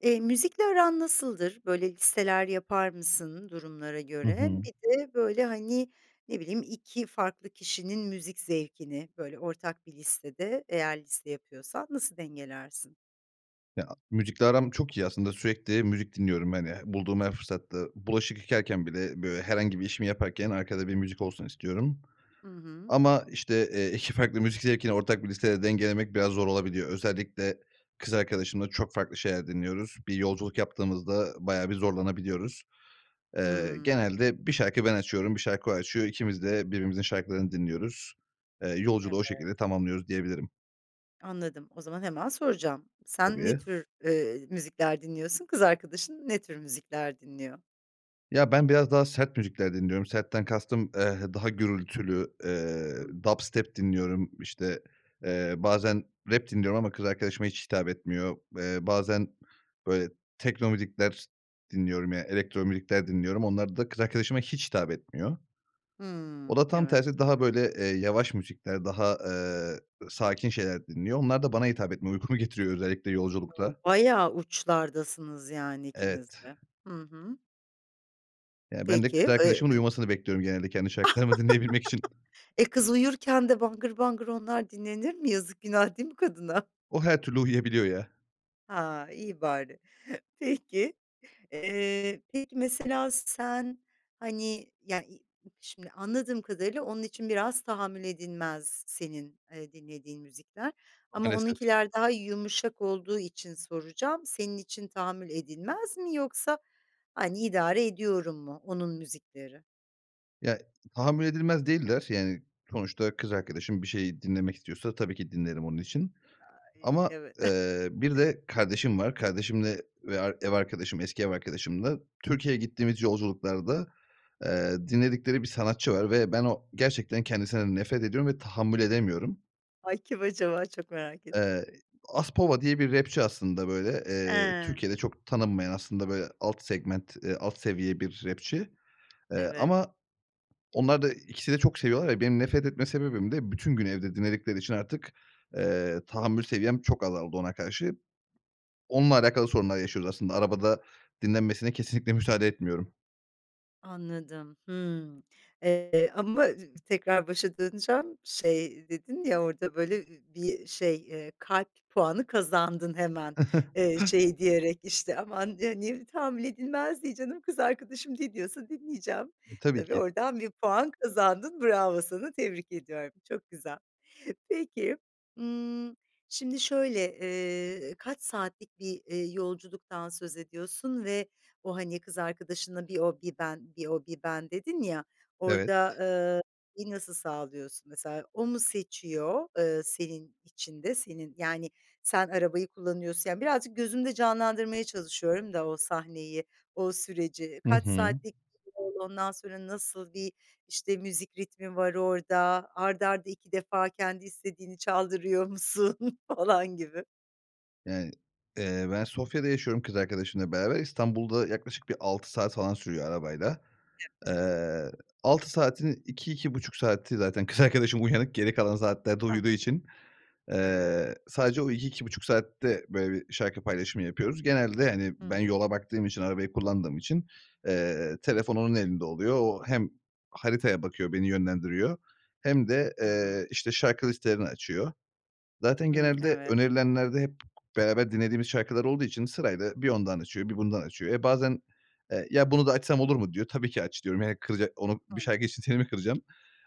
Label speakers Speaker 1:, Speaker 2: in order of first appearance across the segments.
Speaker 1: Eee, müzikle aran nasıldır? Böyle, listeler yapar mısın durumlara
Speaker 2: Hı
Speaker 1: göre?
Speaker 2: hı.
Speaker 1: Bir de böyle, hani, ne bileyim 2 farklı kişinin müzik zevkini, böyle, ortak bir listede, eğer liste yapıyorsan, nasıl dengelersin?
Speaker 2: Ya, müzikle aram çok iyi. Aslında sürekli müzik dinliyorum, hani, h bulduğum her fırsatta. Bulaşık yıkarken bile, böyle, herhangi bir işimi yaparken arkada bir müzik olsun istiyorum.
Speaker 1: I hı.
Speaker 2: Ama, işte, eee, 2 farklı müzik zevkini ortak bir listede dengelemek biraz zor olabiliyor. Özellikle kız arkadaşımla çok farklı şeyler dinliyoruz. Bir yolculuk yaptığımızda bayağı bir zorlanabiliyoruz. Eee,
Speaker 1: Hımm.
Speaker 2: genelde 1 şarkı ben açıyorum, 1 şarkı o açıyor. İkimiz de birbirimizin şarkılarını dinliyoruz. Eee, yolculuğu o
Speaker 1: Evet.
Speaker 2: şekilde tamamlıyoruz, diyebilirim.
Speaker 1: Anladım. O zaman hemen soracağım: Sen ne
Speaker 2: Tabii.
Speaker 1: tür, eee, müzikler dinliyorsun? Kız arkadaşın ne tür müzikler dinliyor?
Speaker 2: Ya, ben biraz daha sert müzikler dinliyorum. Sertten kastım, eee, daha gürültülü,
Speaker 1: Hımm.
Speaker 2: eee, dubstep dinliyorum. İşte, eee, bazen rap dinliyorum ama kız arkadaşıma hiç hitap etmiyor. Eee, bazen, böyle, tekno müzikler dinliyorum. Ya, elektro müzikler dinliyorum. Onlar da kız arkadaşıma hiç hitap etmiyor. O
Speaker 1: Hımm.
Speaker 2: da tam
Speaker 1: Evet.
Speaker 2: tersi daha, böyle, eee, yavaş müzikler, daha, eee, ı sakin şeyler dinliyor. Onlar da bana hitap etmiyor, uykumu getiriyor özellikle
Speaker 1: O!
Speaker 2: yolculukta.
Speaker 1: Bayağı uçlardasınız yani ikiniz
Speaker 2: Evet.
Speaker 1: de. Hı hı.
Speaker 2: Ya, bende kız
Speaker 1: Peki. Eee,
Speaker 2: arkadaşımın
Speaker 1: ımm
Speaker 2: uyumasını bekliyorum genelde kendi şarkılarımı dinleyebilmek için.
Speaker 1: E, kız uyurken de bangır bangır onlar dinlenir mi? Yazık günah değil mi kadına?
Speaker 2: O her türlü uyuyabiliyor ya.
Speaker 1: Ha, iyi bari. Peki. Eee, peki mesela sen, hani, ya i şimdi anladığım kadarıyla onun için biraz tahammül edilmez senin, eee, dinlediğin müzikler ama
Speaker 2: Maalesef.
Speaker 1: onunkiler daha yumuşak olduğu için soracağım, senin için "tahammül edilmez" mi yoksa, hani, "idare ediyorum" mu onun müzikleri?
Speaker 2: Ya, tahammül edilmez değiller. Yani, sonuçta kız arkadaşım bir şeyi dinlemek istiyorsa tabii ki dinlerim onun için.
Speaker 1: Ay,
Speaker 2: Ama,
Speaker 1: evet.
Speaker 2: eee, bir de kardeşim var, kardeşimle ve ar ev arkadaşım, eski ev arkadaşımla Türkiye'ye gittiğimiz yolculuklarda, eee, dinledikleri bir sanatçı var ve ben o gerçekten kendisinden nefret ediyorum ve tahammül edemiyorum.
Speaker 1: Ay, kim acaba? Çok merak ettim.
Speaker 2: Eee, Aspova diye bir rapçi aslında böyle, eee
Speaker 1: He.
Speaker 2: Türkiye'de çok tanınmayan, aslında böyle alt segment, eee, alt seviye bir rapçi, eee,
Speaker 1: Evet.
Speaker 2: ama onlar da ikisi de çok seviyorlar ya, benim nefret etme sebebim de bütün gün evde dinledikleri için artık, eee, tahammül seviyem çok azaldı ona karşı. Onunla alakalı sorunlar yaşıyoruz aslında arabada dinlenmesine kesinlikle müsaade etmiyorum.
Speaker 1: Anladım. Hımm, eee, ama tekrar başa döneceğim, şey dedin ya orada böyle, ııı ,bir şey, eee, kalp puanı kazandın hemen. Eee, şey diyerek işte aman, eee, niye tahammül edilmez, diye, canım, kız arkadaşım ne diyorsa dinleyeceğim.
Speaker 2: E, tabii
Speaker 1: Tabii,
Speaker 2: ki.
Speaker 1: oradan bir puan kazandın. Bravo sana, tebrik ediyorum, çok güzel. Peki, ımm, şimdi şöyle, eee, kaç saatlik bir, ııı, yolculuktan söz ediyorsun ve o, hani, kız arkadaşına "Bir o, bir ben, bir o, bir ben." dedin ya.
Speaker 2: Evet.
Speaker 1: Orada, ııı, [unintelligible] nasıl sağlıyorsun? Mesela o mu seçiyor, ııı, senin için de senin yani, sen arabayı kullanıyorsun, yani, birazcık gözümde canlandırmaya çalışıyorum da o sahneyi, o süreci.
Speaker 2: Hı
Speaker 1: Kaç
Speaker 2: hı.
Speaker 1: saatlik? [unintelligible] Ondan sonra, nasıl bir, işte, müzik ritmi var orada? Art arda 2 defa kendi istediğini çaldırıyor musun falan gibi.
Speaker 2: Yani, eee, ben Sofya'da yaşıyorum kız arkadaşımla beraber. İstanbul da yaklaşık bir 6 saat falan sürüyor arabayla.
Speaker 1: [unintelligible]
Speaker 2: Eee, 6 saatin 2- 2,5 saati zaten kız arkadaşım uyanık geri kalan saatlerde
Speaker 1: Ah.
Speaker 2: uyuduğu için, eee,
Speaker 1: Evet.
Speaker 2: sadece o 2- 2,5 saatte böyle bir şarkı paylaşımı yapıyoruz. Genelde, hani,
Speaker 1: Hı
Speaker 2: ben
Speaker 1: hı.
Speaker 2: yola baktığım için, arabayı kullandığım için, eee, telefon onun elinde oluyor. O hem haritaya bakıyor, beni yönlendiriyor hem de,
Speaker 1: Hı hı.
Speaker 2: eee, işte şarkı listelerini açıyor. Zaten
Speaker 1: Hımm.
Speaker 2: genelde
Speaker 1: Evet.
Speaker 2: önerilenlerde hep beraber dinlediğimiz şarkılar olduğu için sırayla bir ondan açıyor, bir bundan açıyor. E, bazen, eee, ya, bunu da açsam olur mu diyor. Tabii ki aç diyorum. Yani, kızacak onu bir
Speaker 1: [unintelligible]
Speaker 2: şarkı için seni mi kıracağım.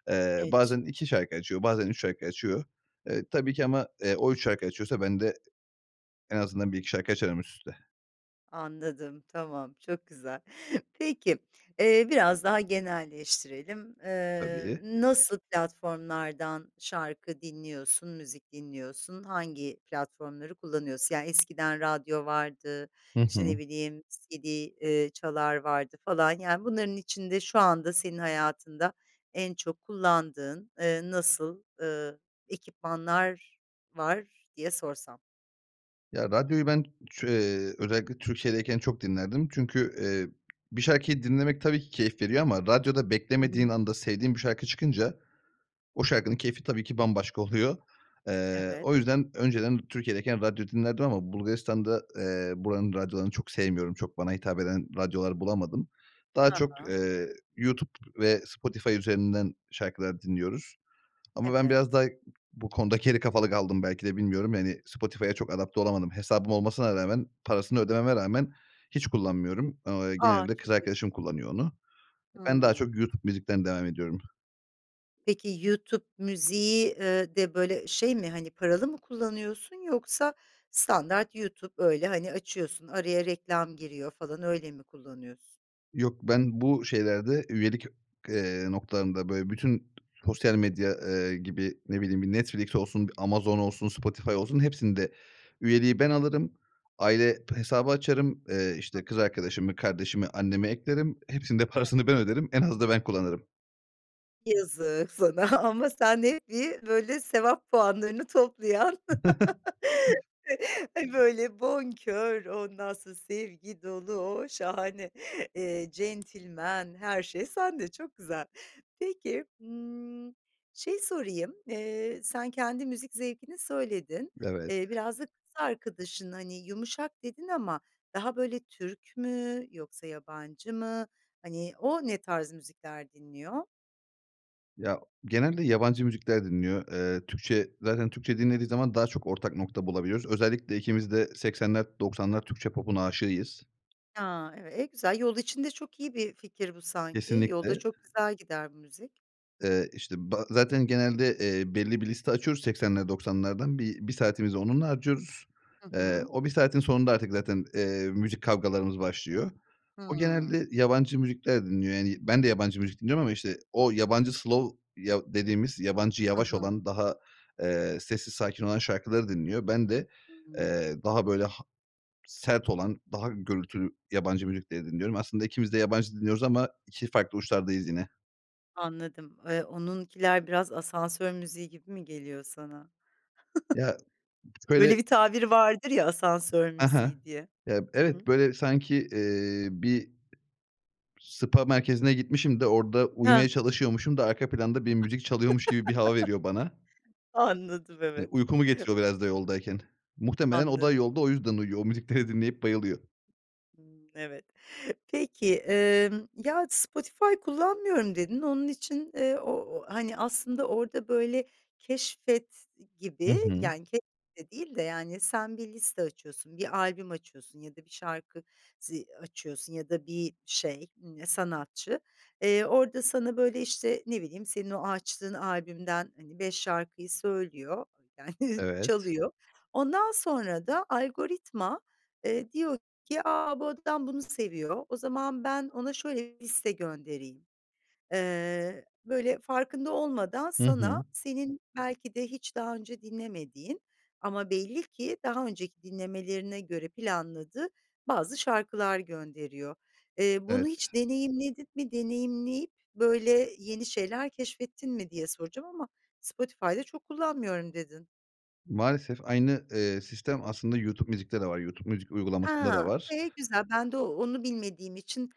Speaker 2: Eee,
Speaker 1: [unintelligible]
Speaker 2: bazen 2 şarkı açıyor, bazen 3 şarkı açıyor. Eee, tabii ki ama, eee, o 3 şarkı açıyorsa bende en azından bir 2 şarkı açarım üst üste.
Speaker 1: Anladım, tamam, çok güzel. Peki, eee, biraz daha genelleştirelim. Eee,
Speaker 2: Tabii.
Speaker 1: nasıl platformlardan şarkı dinliyorsun, müzik dinliyorsun? Hangi platformları kullanıyorsun? Yani, eskiden radyo vardı,
Speaker 2: Hı
Speaker 1: işte,
Speaker 2: hı.
Speaker 1: ne bileyim CD, eee, çalar vardı falan, yani, bunların içinde şu anda senin hayatında en çok kullandığın, eee, nasıl, ııı, ekipmanlar var diye sorsam?
Speaker 2: Ya, radyoyu ben çö eee, özellikle Türkiye'deyken çok dinlerdim. Çünkü, eee, bir şarkıyı dinlemek tabii ki keyif veriyor ama radyoda
Speaker 1: Hı
Speaker 2: beklemediğin
Speaker 1: hı.
Speaker 2: anda sevdiğim bir şarkı çıkınca, o şarkının keyfi tabii ki bambaşka oluyor. Eee, o
Speaker 1: Evet.
Speaker 2: yüzden önceden Türkiye'deyken radyo dinlerdim ama Bulgaristan'da, eee, buranın radyolarını çok sevmiyorum, çok bana hitap eden radyolar bulamadım. Daha
Speaker 1: Ha
Speaker 2: çok,
Speaker 1: ha.
Speaker 2: eee, YouTube ve Spotify üzerinden şarkılar dinliyoruz. Ama ben biraz
Speaker 1: Evet.
Speaker 2: daha bu konuda geri kafalı kaldım belki de bilmiyorum, yani, Spotify'a çok adapte olamadım. Hesabım olmasına rağmen, parasını ödememe rağmen hiç kullanmıyorum. Ao eee,
Speaker 1: A!
Speaker 2: genelde kız
Speaker 1: Çok ilginç.
Speaker 2: arkadaşım kullanıyor onu. Ben daha
Speaker 1: Hımm.
Speaker 2: çok YouTube Music'ten devam ediyorum.
Speaker 1: Peki YouTube Music'i, eee, de, böyle, şey mi, hani, paralı mı kullanıyorsun yoksa standart YouTube, öyle, hani, açıyorsun, araya reklam giriyor falan, öyle mi kullanıyorsun?
Speaker 2: Yok ben bu şeylerde üyelik, eee, noktalarında böyle bütün sosyal medya, eee, gibi ne bileyim, bir Netflix olsun, bir Amazon olsun, Spotify olsun, hepsinde üyeliği ben alırım; aile hesabı açarım, eee,
Speaker 1: [unintelligible]
Speaker 2: işte, kız arkadaşımı, kardeşimi, annemi eklerim, hepsinin de
Speaker 1: Evet.
Speaker 2: parasını ben öderim, en az da ben kullanırım.
Speaker 1: Yazık sana ama sen hep bir böyle, sevap puanlarını toplayan böyle bonkör, ondan sonra sevgi dolu, o, şahane, eee, centilmen, her şey sende çok güzel. Peki, hımm, şeyi sorayım, eee, sen kendi müzik zevkini söyledin,
Speaker 2: Evet.
Speaker 1: eee, biraz da kız arkadaşın, hani, "yumuşak" dedin ama daha böyle, Türk mü yoksa yabancı mı, hani, o ne tarz müzikler dinliyor?
Speaker 2: Ya, genelde yabancı müzikler dinliyor. Eee, Türkçe zaten Türkçe dinlediği zaman daha çok ortak nokta bulabiliyoruz. Özellikle ikimiz de 80'ler, 90'lar Türkçe popun aşığıyız.
Speaker 1: Ha! [unintelligible] e, güzel. Yol için de çok iyi bir fikir bu sanki. Yolda
Speaker 2: Kesinlikle.
Speaker 1: çok güzel gider bu müzik.
Speaker 2: Eee, işte ba zaten genelde, eee, belli bir liste açıyoruz 80'ler, 90'lardan bi 1 saatimizi onunla harcıyoruz.
Speaker 1: Hı
Speaker 2: Eee,
Speaker 1: hı.
Speaker 2: o 1 saatin sonunda artık zaten, eee, müzik kavgalarımız başlıyor. O
Speaker 1: Hımm.
Speaker 2: genelde yabancı müzikler dinliyor, yani, ben de yabancı müzik dinliyorum ama işte o yabancı slow yav dediğimiz yabancı
Speaker 1: I
Speaker 2: yavaş
Speaker 1: hı.
Speaker 2: olan, daha, eee, sessiz sakin olan şarkıları dinliyor. Ben de,
Speaker 1: Hıı.
Speaker 2: eee, daha böyle ha sert olan, daha gürültülü yabancı müzikleri dinliyorum. Aslında ikimiz de yabancı dinliyoruz ama 2 farklı uçlardayız yine.
Speaker 1: Anladım. Eee, onunkiler biraz asansör müziği gibi mi geliyor sana?
Speaker 2: Ya, şöyle
Speaker 1: Öyle bir tabir vardır ya, "asansör
Speaker 2: Aha,
Speaker 1: müziği" diye.
Speaker 2: ya,
Speaker 1: Hı
Speaker 2: evet
Speaker 1: hı.
Speaker 2: böyle bi sanki, eee, bir spa merkezine gitmişim de, orda
Speaker 1: Hah!
Speaker 2: uyumaya çalışıyormuşum da arka planda bir müzik çalıyormuş gibi bir hava veriyor bana.
Speaker 1: Anladım,
Speaker 2: Ya,
Speaker 1: evet.
Speaker 2: uykumu getiriyor biraz da yoldayken. Muhtemelen o
Speaker 1: Anla
Speaker 2: da yolda o yüzden uyuyor, o müzikleri dinleyip bayılıyor.
Speaker 1: Imm, evet. Peki, emm, ya, Spotify kullanmıyorum, dedin onun için, eee, o o, hani, aslında orada böyle keşfet
Speaker 2: I
Speaker 1: gibi
Speaker 2: hı.
Speaker 1: yani ke de değil de, yani, sen bir liste açıyorsun, bir albüm açıyorsun ya da bir şarkı zi açıyorsun ya da bir şey, ımm, sanatçı. Eee, orada sana böyle, işte, ne bileyim, senin o açtığın albümden, hani, 5 şarkıyı söylüyor, yani
Speaker 2: Evet.
Speaker 1: çalıyor. Ondan sonra da algoritma, eee, diyor ki "A! Bu adam bunu seviyor, o zaman ben ona şöyle bir liste göndereyim." Eee, böyle farkında olmadan
Speaker 2: Hı
Speaker 1: sana,
Speaker 2: hı.
Speaker 1: senin belki de hiç daha önce dinlemediğin ama belli ki daha önceki dinlemelerine göre planladığı bazı şarkılar gönderiyor. Eee, bunu
Speaker 2: Evet.
Speaker 1: hiç deneyimledin mi? Deneyimleyip böyle yeni şeyler keşfettin mi diye soracağım ama Spotify da çok kullanmıyorum, dedin.
Speaker 2: Maalesef aynı, eee, sistem aslında YouTube Music'te de var. YouTube Music uygulamasında da
Speaker 1: Ha!
Speaker 2: var.
Speaker 1: E, güzel. Ben de o onu bilmediğim için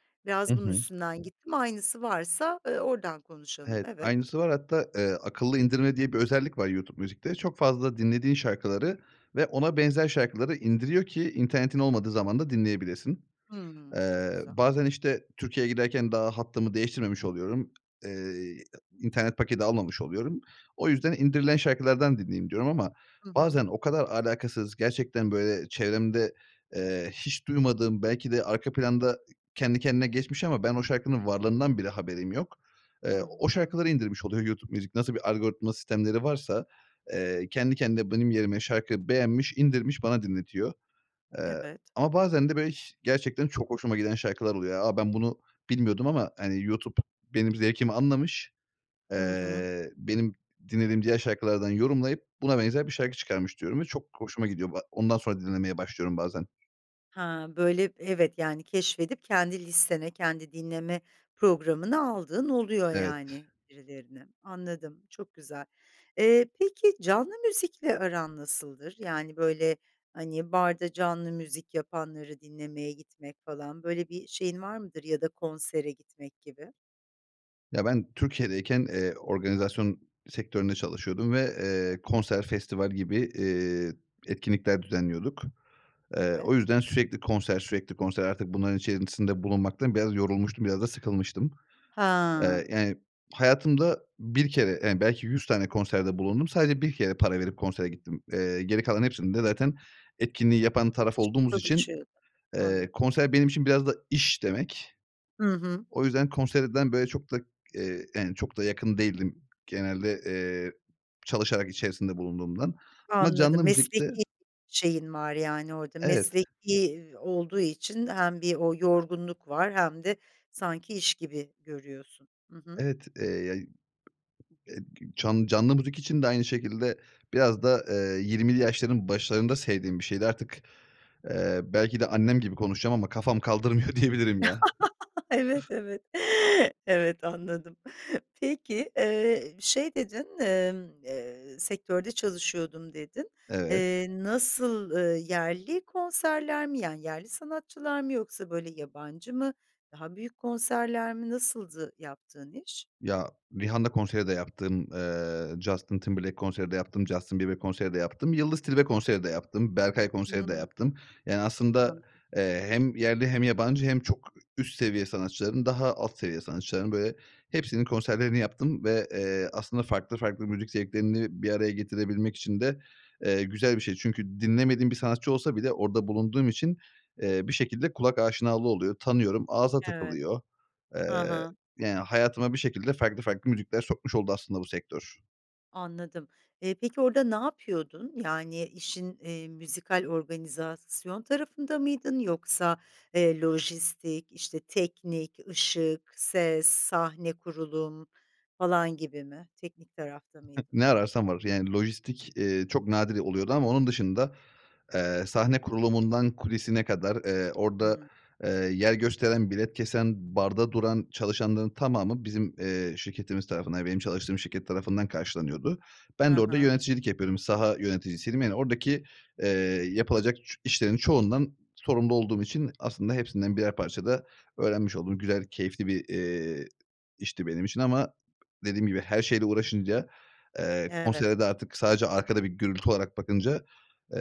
Speaker 2: I
Speaker 1: biraz bunun
Speaker 2: hı.
Speaker 1: üstünden gittim. Aynısı varsa, eee, oradan konuşalım,
Speaker 2: Evet.
Speaker 1: evet.
Speaker 2: Aynısı var. Hatta, eee, akıllı indirme diye bir özellik var YouTube Music'te. Çok fazla dinlediğin şarkıları ve ona benzer şarkıları indiriyor ki internetin olmadığı zaman da dinleyebilesin.
Speaker 1: Hımm. Çok
Speaker 2: Eee,
Speaker 1: güzel.
Speaker 2: bazen işte Türkiye'ye giderken daha hattımı değiştirmemiş oluyorum. Eee, a internet paketi almamış oluyorum. O yüzden indirilen şarkılardan dinleyeyim, diyorum ama
Speaker 1: Hı hı.
Speaker 2: bazen o kadar alakasız gerçekten böyle çevremde, eee, hiç duymadığım belki de arka planda kendi kendine geçmiş ama ben o şarkının varlığından bile haberim yok. Eee,
Speaker 1: Hı
Speaker 2: o
Speaker 1: hı.
Speaker 2: şarkıları indirmiş oluyor YouTube Music, nasıl bir algoritma sistemleri varsa, eee, kendi kendine benim yerime şarkı beğenmiş indirmiş bana dinletiyor. Eee,
Speaker 1: Evet.
Speaker 2: ama bazen de böyle hiş gerçekten çok hoşuma giden şarkılar oluyor. A, ben bunu bilmiyordum ama hani YouTube benim zevkimi anlamış,
Speaker 1: Hı hı.
Speaker 2: eee, benim dinlediğim diğer şarkılardan yorumlayıp buna benzer bir şarkı çıkarmış, diyorum ve çok hoşuma gidiyor bu a Ondan sonra dinlemeye başlıyorum bazen.
Speaker 1: Ha! Böyle, evet, yani, keşfedip kendi listene, kendi dinleme programına aldığın oluyor,
Speaker 2: Evet.
Speaker 1: yani, birilerini. Anladım, çok güzel. Eee, peki canlı müzikle aran nasıldır? Yani, böyle, hani, barda canlı müzik yapanları dinlemeye gitmek falan, böyle bir şeyin var mıdır ya da konsere gitmek gibi?
Speaker 2: Ya, ben Türkiye'deyken, eee, organizasyon sektöründe çalışıyordum ve, eee,
Speaker 1: Hı hı.
Speaker 2: konser, festival gibi, eee, etkinlikler düzenliyorduk. Eee,
Speaker 1: Evet.
Speaker 2: o yüzden sürekli konser, sürekli konser, artık bunların içerisinde bulunmaktan biraz yorulmuştum; biraz da sıkılmıştım.
Speaker 1: Ha!
Speaker 2: Eee, yani, hayatımda 1 kere, yani, belki 100 tane konserde bulundum. Sadece 1 kere para verip konsere gittim. Eee, geri kalan hepsinde zaten etkinliği yapan taraf olduğumuz için,
Speaker 1: Çalışıyordun.
Speaker 2: eee,
Speaker 1: Anladım.
Speaker 2: konser benim için biraz da iş demek.
Speaker 1: Hı hı.
Speaker 2: O yüzden konserden, böyle, çok da, eee, yani, çok da yakın değildim. Genelde, eee, çalışarak içerisinde bulunduğumdan. Ama
Speaker 1: Anladım.
Speaker 2: canlı müzikte
Speaker 1: Mesleki şeyin var, yani, orada.
Speaker 2: Evet.
Speaker 1: Mesleki olduğu için hem bir o yorgunluk var hem de sanki iş gibi görüyorsun. Hı hı.
Speaker 2: Evet, eee, ya, eee, can canlı müzik için de aynı şekilde. Biraz da, eee, 20'li yaşların başlarında sevdiğim bir şeydi artık, eee, belki de annem gibi konuşacağım ama kafam kaldırmıyor, diyebilirim ya.
Speaker 1: Evet, evet. Evet. Anladım. Peki, eee, şey dedin, emm, eee, "Sektörde çalışıyordum." dedin.
Speaker 2: Evet.
Speaker 1: Eee, nasıl, eee, yerli konserler mi, yani, yerli sanatçılar mı yoksa, böyle, yabancı mı? Daha büyük konserler mi? Nasıldı yaptığın iş?
Speaker 2: Ya, Rihanna konseri de yaptım, eee, Justin Timberlake konseri de yaptım, Justin Bieber konseri de yaptım, Yıldız Tilbe konseri de yaptım, Berkay konseri de
Speaker 1: Hıı.
Speaker 2: yaptım. Yani, aslında,
Speaker 1: Anladım.
Speaker 2: eee, hem yerli hem yabancı hem çok üst seviye sanatçıların, daha alt seviye sanatçıların, böyle, hepsinin konserlerini yaptım ve, eee, aslında farklı farklı müzik zevklerini bir araya getirebilmek için de, eee, güzel bir şey. Çünkü dinlemediğim bir sanatçı olsa bile orada bulunduğum için, eee, bir şekilde kulak aşinalığı oluyor, tanıyorum, ağza
Speaker 1: Evet,
Speaker 2: takılıyor. Eee,
Speaker 1: hı hı.
Speaker 2: yani, hayatıma bir şekilde farklı farklı müzikler sokmuş oldu aslında bu sektör.
Speaker 1: Anladım. Eee, peki orada ne yapıyordun? Yani, işin, eee, müzikal organizasyon tarafında mıydın yoksa, eee, lojistik, işte, teknik, ışık, ses, sahne kurulum falan gibi mi? Teknik tarafta mıydın?
Speaker 2: Ne ararsan var. Yani, lojistik, eee, çok nadiren oluyordu ama onun dışında, eee, sahne kurulumundan kulisine kadar, eee, orada,
Speaker 1: Hımm.
Speaker 2: eee, yer gösteren, bilet kesen, barda duran çalışanların tamamı bizim, eee, şirketimiz tarafından, yani, benim çalıştığım şirket tarafından karşılanıyordu. Ben de
Speaker 1: Ha
Speaker 2: orada
Speaker 1: ha.
Speaker 2: yöneticilik yapıyordum. Saha yöneticisiydim, yani, oradaki, eee, yapılacak çü işlerin çoğundan sorumlu olduğum için aslında hepsinden birer parça da öğrenmiş oldum. Güzel keyifli bir, eee, işti benim için ama dediğim gibi her şeyle uğraşınca, eee,
Speaker 1: Evet.
Speaker 2: konsere de artık sadece arkada bir gürültü olarak bakınca,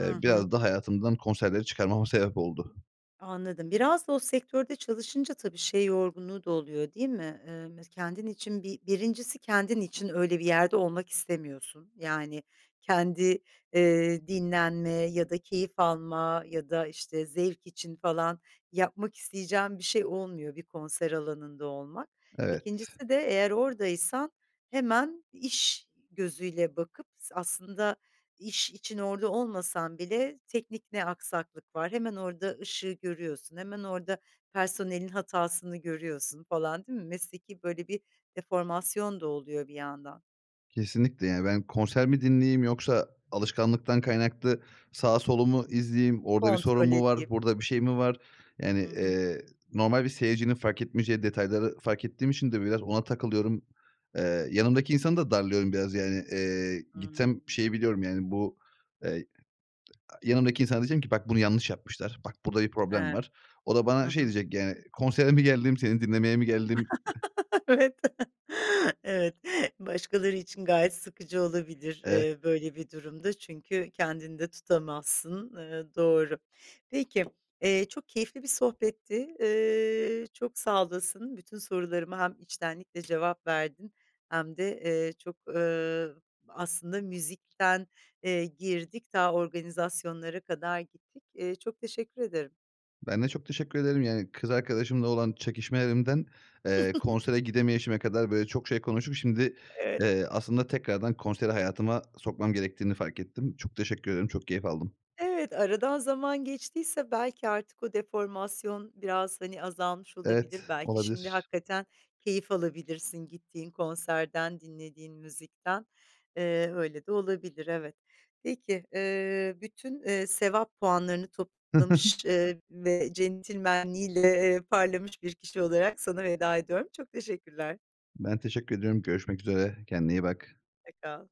Speaker 1: Hı
Speaker 2: biraz
Speaker 1: hı.
Speaker 2: da hayatımdan konserleri çıkarmama sebep oldu.
Speaker 1: Anladım. Biraz da o sektörde çalışınca tabii şey yorgunluğu da oluyor, değil mi? Eee, mes kendin için bir 1'incisi kendin için öyle bir yerde olmak istemiyorsun. Yani, kendi, eee, dinlenme ya da keyif alma ya da, işte, zevk için falan yapmak isteyeceğin bir şey olmuyor bir konser alanında olmak.
Speaker 2: Evet.
Speaker 1: 2'ncisi de eğer oradaysan hemen iş gözüyle bakıp s aslında iş için orada olmasan bile teknik ne aksaklık var? Hemen orada ışığı görüyorsun, hemen orada personelin hatasını görüyorsun falan, değil mi? Mesleki, böyle, bir deformasyon da oluyor bir yandan.
Speaker 2: Kesinlikle. Yani, ben konser mi dinleyeyim yoksa alışkanlıktan kaynaklı sağı solu mu izleyeyim? Orada bir sorun
Speaker 1: Kontrol
Speaker 2: mu var?
Speaker 1: edeyim.
Speaker 2: Burada bir şey mi var? Yani,
Speaker 1: Hı hı.
Speaker 2: eee, normal bir seyircinin fark etmeyeceği detayları fark ettiğim için de biraz ona takılıyorum. Eee, yanımdaki insanı da darlıyorum biraz. Yani, eee, gitsem
Speaker 1: Hımm.
Speaker 2: şeyi biliyorum, yani, bu, eee, a yanımdaki insana diyeceğim ki "Bak, bunu yanlış yapmışlar. Bak, burada bir problem
Speaker 1: Evet,
Speaker 2: var." O da
Speaker 1: hı
Speaker 2: bana şey
Speaker 1: hı.
Speaker 2: diyecek yani "Konsere mi geldim, seni dinlemeye mi geldim?"
Speaker 1: Evet. Evet başkaları için gayet sıkıcı olabilir,
Speaker 2: Evet.
Speaker 1: eee, böyle bir durumda çünkü kendini de tutamazsın, eee, doğru. Peki, eee, çok keyifli bir sohbetti. Eee, çok sağ olasın. Bütün sorularıma hem içtenlikle cevap verdin hem de, eee, çok, ııı, aslında müzikten, eee, girdik, ta, organizasyonlara kadar gittik. Eee, çok teşekkür ederim.
Speaker 2: Ben de çok teşekkür ederim. Yani, kız arkadaşımla olan çekişmelerimden, eee, konsere gidemeyişime kadar böyle çok şey konuşup şimdi,
Speaker 1: Evet.
Speaker 2: eee, aslında tekrardan konseri hayatıma sokmam gerektiğini fark ettim. Çok teşekkür ederim. Çok keyif aldım.
Speaker 1: Evet, aradan zaman geçtiyse belki artık o deformasyon biraz, hani, azalmış
Speaker 2: Evet,
Speaker 1: olabilir. Belki şimdi
Speaker 2: olabilir.
Speaker 1: hakikaten keyif alabilirsin gittiğin konserden, dinlediğin müzikten. Eee, öyle de olabilir, evet. Peki, eee, bütün, eee, sevap puanlarını toplamış, eee, ve centilmenliğiyle parlamış bir kişi olarak sana veda ediyorum. Çok teşekkürler.
Speaker 2: Ben teşekkür ediyorum. Görüşmek üzere. Kendine iyi bak.
Speaker 1: Hoşça kal.